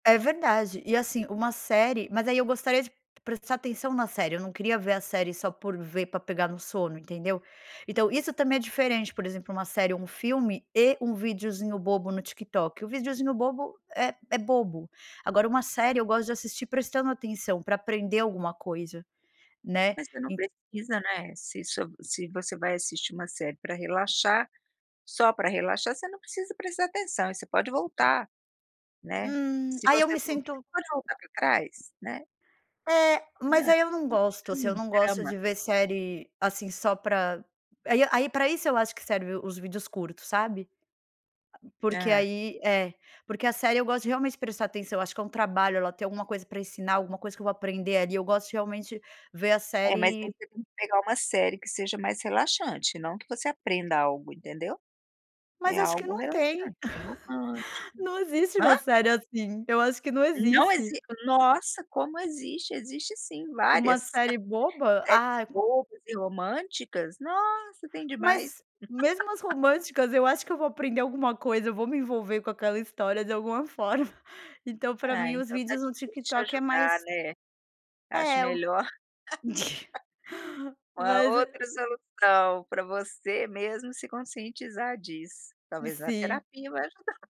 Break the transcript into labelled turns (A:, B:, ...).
A: É verdade, e assim, uma série, mas aí, eu gostaria de prestar atenção na série, eu não queria ver a série só por ver pra pegar no sono, entendeu? Então, isso também é diferente, por exemplo, uma série ou um filme e um videozinho bobo no TikTok, o videozinho bobo é é bobo, agora uma série eu gosto de assistir prestando atenção pra aprender alguma coisa, né,
B: Mas você não
A: en
B: precisa, né, se isso se você vai assistir uma série pra relaxar, só pra relaxar, você não precisa prestar atenção e você pode voltar, né,
A: Hum.
B: se
A: Aí eu
B: você
A: me
B: dormir
A: sinto
B: pode voltar para trás, né.
A: É,
B: É,
A: mas aí eu não gosto, assim, eu
B: sim,
A: não gosto
B: drama.
A: de ver série, assim, só pra, aí aí para isso eu acho que serve os vídeos curtos, sabe, a porque
B: É.
A: aí é, porque a série eu gosto realmente de prestar atenção, acho que é um trabalho ela ter alguma coisa pra ensinar, alguma coisa que eu vou aprender ali, eu gosto realmente ver a
B: É, mas aí
A: série
B: você tem que que pegar uma série que seja mais relaxante e não que você aprenda algo entendeu, é
A: Mas acho que
B: algo
A: não
B: relaxante
A: tem,
B: e romântico.
A: não existe
B: Hã?
A: uma série assim, eu acho que não
B: Não
A: existe.
B: exis nossa como existe, existe sim várias,
A: Uma série boba?
B: séries
A: Ah
B: bobas e românticas, nossa tem demais.
A: Mas mesmo as românticas eu acho que eu vou aprender alguma coisa, vou me envolver com aquela história de alguma forma. Então, pra
B: Ah,
A: mim os
B: então está
A: vídeos no
B: difícil te
A: TikTok é
B: ajudar,
A: mais
B: né, acho
A: É.
B: melhor uma
A: Mas
B: outra solução pra você mesmo se conscientizar disso, talvez a
A: Sim.
B: terapia vai ajudar.